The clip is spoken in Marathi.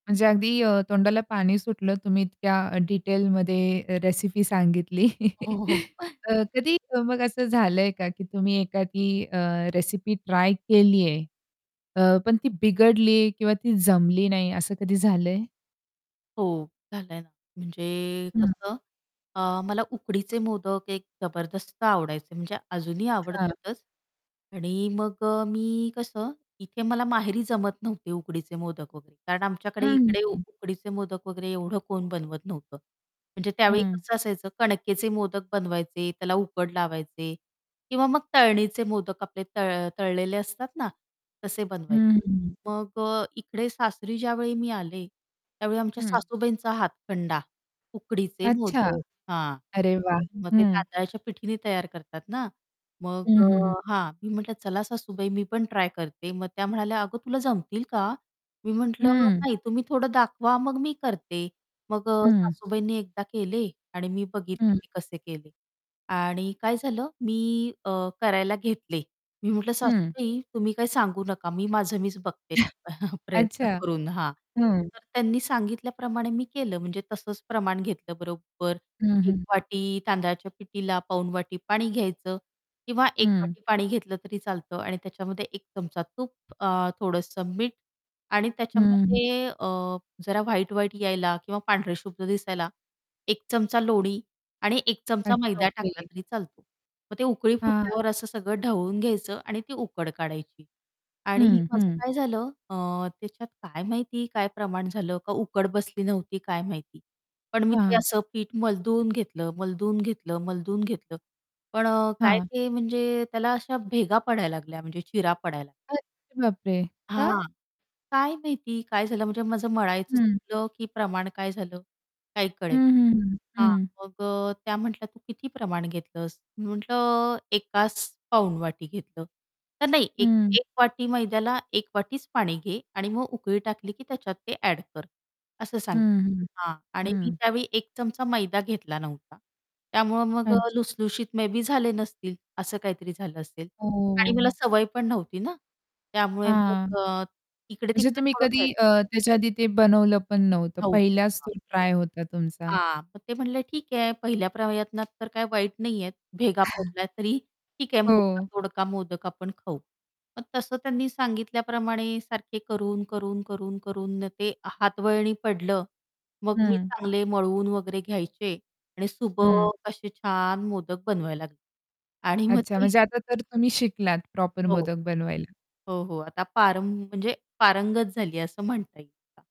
म्हणजे अगदी अ, तोंडाला पाणी सुटलं तुम्ही इतक्या अ, डिटेलमध्ये रेसिपी सांगितली हो, हो. अ, कधी मग असं झालंय का, की तुम्ही एखादी अ, रेसिपी ट्राय केलीये. अ, पण ती बिघडली किंवा ती जमली नाही असं कधी झालंय? हो, झालंय ना. म्हणजे हं. कसं अ, मला उकडीचे मोदक एक जबरदस्त आवडायचे. म्हणजे अजूनही अच्छा. आवडतातच. आणि मग अ, मी कसं, इथे मला माहेरी जमत नव्हते उकडीचे मोदक वगैरे. कारण आमच्याकडे हं, इकडे उ हं. उकडीचे मोदक वगैरे एवढं कोण बनवत नव्हतं. म्हणजे त्यावेळी हं. कसं असायचं, कणकेचे मोदक बनवायचे त्याला उकड लावायचे. किंवा मग तळणीचे मोदक आपले तळ तळलेले असतात ना तसे हं, बनवायचे. हं, हं. मग अ, इकडे सासरी ज्यावेळी मी आले, त्यावेळी आमच्या हं. सासूबाईंचा हातखंडा, उकडीचे अच्छा. मोदक. हां, अरे वाह! तर मग ते हं. तांदळाच्या पिठीने तयार करतात ना. मग हं, अ, हं, हं. हां. मी म्हटलं, "चला सासूबाई मी पण ट्राय करते." मग त्या म्हणाल्या, "अगं, तुला जमतील का?" मी म्हटलं, हं. "नाही, तुम्ही थोडं दाखवा मग मी करते." मग अ, हं. सासूबाईंनी एकदा केले आणि मी बघितले हं. ते कसे केले. आणि काय झालं? मी अ, करायला घेतले. मी म्हटलं हं. "सासूबाई," "तुम्ही काही सांगू नका, मी माझं मीच बघते, प्रयत्न अच्छा, करून." हां. हं. तर त्यांनी सांगितल्याप्रमाणे मी केलं, म्हणजे तसंच प्रमाण घेतलं बरोबर. हं, हं, 1 हं. वाटी तांदळाच्या पिठीला, पाऊण वाटी पाणी घ्यायचं. किंवा 1 हं. वाटी पाणी घेतलं तरी चालतं. आणि त्याच्यामध्ये 1 चमचा तूप अ थोडंसं मीठ. आणि हं, हं. त्याच्यामध्ये अ, जरा व्हाईट-व्हाईट यायला किंवा पांढरेशुभ्र दिसायला, 1 चमचा लोणी आणि 1 चमचा अच्छा, मैदा टाकला ओके. तरी चालतो. मग ते उकळी हां. फुटल्यावर असं सगळं ढवळून घ्यायचं आणि ती उकड काढायची. आणि हं, माझं हं. काय झालं अ, त्याच्यात काय माहिती काय प्रमाण झालं? का उकड बसली नव्हती? काय माहिती. पण मी ते हां. असं पीठ मलदून घेतलं, मलदून घेतलं, मलदून घेतलं. पण अ, काय हां. ते म्हणजे त्याला अशा भेगा पडायला लागल्या, म्हणजे चिरा पडायला लागल्या. अरे बापरे! का? हां. काय माहिती काय झालं म्हणजे माझं मळायचं हं. चुकलं, की प्रमाण काय झालं. काही हं, कळेना. हं, हं, हां, हं. मग अ, त्या म्हटल्या, "तू किती प्रमाण घेतलंस?" मी म्हटलं, "एकास पाऊण वाटी घेतलं," तर, "नाही, 1- हं. 1 वाटी मैद्याला, 1 वाटीच पाणी घे. आणि मग उकळी टाकली की त्याच्यात ते ॲड कर." असं हं, सांगि हं. हां. आणि मी हं. त्यावेळी 1 चमचा मैदा घेतला नव्हता, त्यामुळं मग अच्छा. लसुसलुशीत मे बी झाले नसतील, असं काहीतरी झालं असेल. हो, आणि मला हो. सवय पण नव्हती ना, त्यामुळे हां. मग अ, इकडे म्हणजे तिकडे तुम्ही थोडं केलं. कधी अ, त्याच्या आधी ते बनवलं पण नव्हतं, नव्हतं, पहिलाच तो हां. ट्राय होता तुमचा. हां, मग ते म्हणले, "ठीक आहे पहिल्या प्रयत्नात तर काय वाईट नाही आहेत, भेगा पडल्या तरी ठीक आहे, हो. मोडका-तोडका मोदक आपण खाऊ." मग तसं त्यांनी सांगितल्याप्रमाणे सारखे करून ,करून, करून, करून न, ते हातवळणी पडलं. मग मी हं. चांगले मळवून वगैरे घ्यायचे आणि हं. सुबक असे छान मोदक बनवायला लागले. आणि मग अच्छा. ते म्हणजे आता तर तुम्ही शिकलात, प्रॉपर हो. मोदक बनवायला. हो, हो. आता पारं म्हणजे पारंगत झाली असं म्हणता येईल का?